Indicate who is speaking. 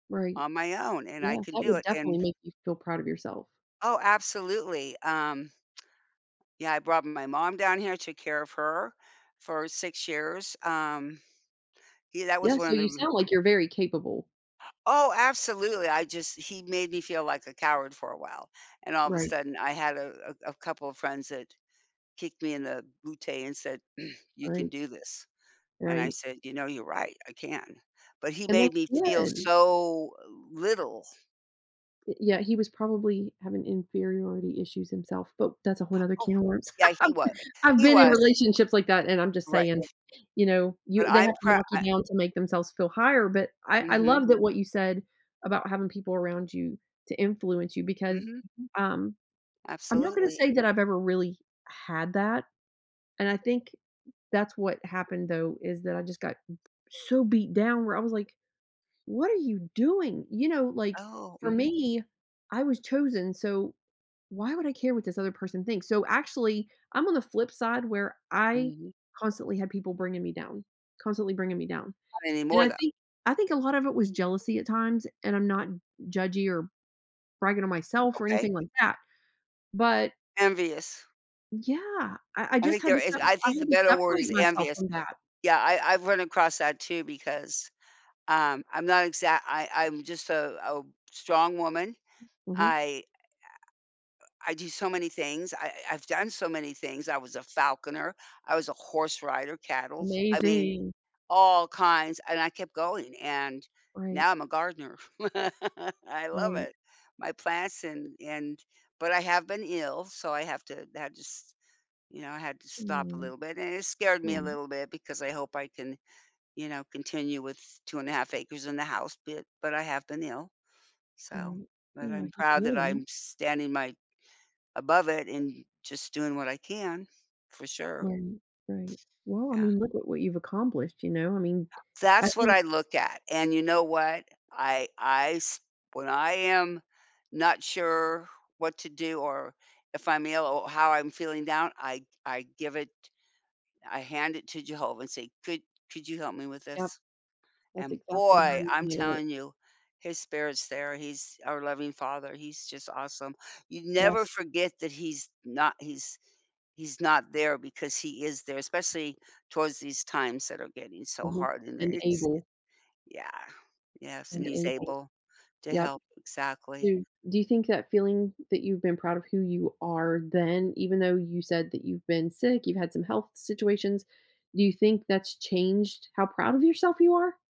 Speaker 1: Right.
Speaker 2: On my own, and I
Speaker 1: Yeah,
Speaker 2: can
Speaker 1: that
Speaker 2: do
Speaker 1: would
Speaker 2: it,
Speaker 1: definitely
Speaker 2: and
Speaker 1: make you feel proud of yourself.
Speaker 2: Oh, absolutely, um Yeah, I brought my mom down here, took care of her for 6 years. Um, yeah, that
Speaker 1: Yeah,
Speaker 2: was one
Speaker 1: so
Speaker 2: of
Speaker 1: you
Speaker 2: the r
Speaker 1: sound like you're very capable.
Speaker 2: Oh, absolutely, I just he made me feel like a coward for a while, and all of a
Speaker 1: Right.
Speaker 2: sudden I had a a a couple of friends that kicked me in the booty and said, "You can
Speaker 1: Right.
Speaker 2: do this," and I
Speaker 1: Right.
Speaker 2: said, "You know, you're right, I can." But he
Speaker 1: And
Speaker 2: made
Speaker 1: that's
Speaker 2: me feel
Speaker 1: good.
Speaker 2: so little.
Speaker 1: Y yeah, he was probably having inferiority issues himself, but that's a whole another
Speaker 2: Oh
Speaker 1: can of worms.
Speaker 2: Yeah, he wa
Speaker 1: I've
Speaker 2: he
Speaker 1: been in
Speaker 2: was.
Speaker 1: relationships like that, and I'm just saying,
Speaker 2: Right.
Speaker 1: you know,
Speaker 2: But
Speaker 1: you they
Speaker 2: I'm
Speaker 1: have to
Speaker 2: prou
Speaker 1: knock
Speaker 2: I
Speaker 1: you down to make themselves feel higher, but I I
Speaker 2: Mhm.
Speaker 1: love that what you said about having people around you to influence you because
Speaker 2: Mhm.
Speaker 1: um, I'm not gonna
Speaker 2: Absolutely.
Speaker 1: say that I've ever really had that, and I think that's what happened though, is that I just got so beat down where I was like, "What are you doing?" You know, like,
Speaker 2: Oh,
Speaker 1: for
Speaker 2: mhm.
Speaker 1: me, I was chosen, so, why would I care what this other person thinks? So, actually, I'm on the flip side where I
Speaker 2: Mhm.
Speaker 1: constantly had people bringing me down, constantly bringing me down,
Speaker 2: Not
Speaker 1: and
Speaker 2: anymore
Speaker 1: I
Speaker 2: though.
Speaker 1: think I think a lot of it was jealousy at times, and I'm not judgy or bragging on myself or
Speaker 2: Okay.
Speaker 1: anything like that, but
Speaker 2: Envious.
Speaker 1: Yeah, I I
Speaker 2: I
Speaker 1: just
Speaker 2: think
Speaker 1: had
Speaker 2: there
Speaker 1: to
Speaker 2: is
Speaker 1: sepa
Speaker 2: I
Speaker 1: I
Speaker 2: think the
Speaker 1: had to
Speaker 2: better word is
Speaker 1: separate myself
Speaker 2: envious.
Speaker 1: from that.
Speaker 2: Yeah, I I've run across that too because, um, I'm not exact I I'm just a oh, strong woman,
Speaker 1: Mhm.
Speaker 2: I, uh, yeah, uh, I do so many things, I I've done so many things; I was a falconer, I was a horse rider cattles. I mean,
Speaker 1: Amazing.
Speaker 2: all kinds and I kept going and
Speaker 1: Right.
Speaker 2: now I'm a gardener. I love
Speaker 1: Right.
Speaker 2: it. My plants and and but I have been ill so I have to that just you know, I had to stop a
Speaker 1: Hmm.
Speaker 2: little bit and it scared me a
Speaker 1: [unintelligible]
Speaker 2: little bit because I hope I can, you know, continue with 2 1/2 acres, and the house bit, but I have been ill, so
Speaker 1: Right.
Speaker 2: but
Speaker 1: Well,
Speaker 2: I'm
Speaker 1: I hate to
Speaker 2: proud
Speaker 1: hear
Speaker 2: that
Speaker 1: that.
Speaker 2: I'm standing my above it and just doing what I can, for sure.
Speaker 1: Right, right. Well, I
Speaker 2: Yeah.
Speaker 1: mean, look at what you've accomplished, you know? I mean, I
Speaker 2: That's what
Speaker 1: think
Speaker 2: I look at, and you know what, I I s when I am not sure what to do, or if I'm ill or how I'm feeling down, I I give it I hand it to Jehovah and say, "Could could you help me with
Speaker 1: Yep.
Speaker 2: this?"
Speaker 1: That's
Speaker 2: And
Speaker 1: exactly how
Speaker 2: boy,
Speaker 1: you
Speaker 2: I'm
Speaker 1: view it.
Speaker 2: telling you, his spirits there He's our loving Father, he's just awesome. You never
Speaker 1: Yes.
Speaker 2: forget that He's not He's He's not there, because He is there especially towards these times that are getting so
Speaker 1: Mhm,
Speaker 2: hard and i
Speaker 1: and
Speaker 2: it's
Speaker 1: able.
Speaker 2: it Yeah, yes and
Speaker 1: And
Speaker 2: he's
Speaker 1: able.
Speaker 2: able to
Speaker 1: Yep.
Speaker 2: help Exactly.
Speaker 1: Do do you think that feeling that you've been proud of who you are then, even though you said that you've been sick, you've had some health situations, do you think that's changed how proud of yourself you are?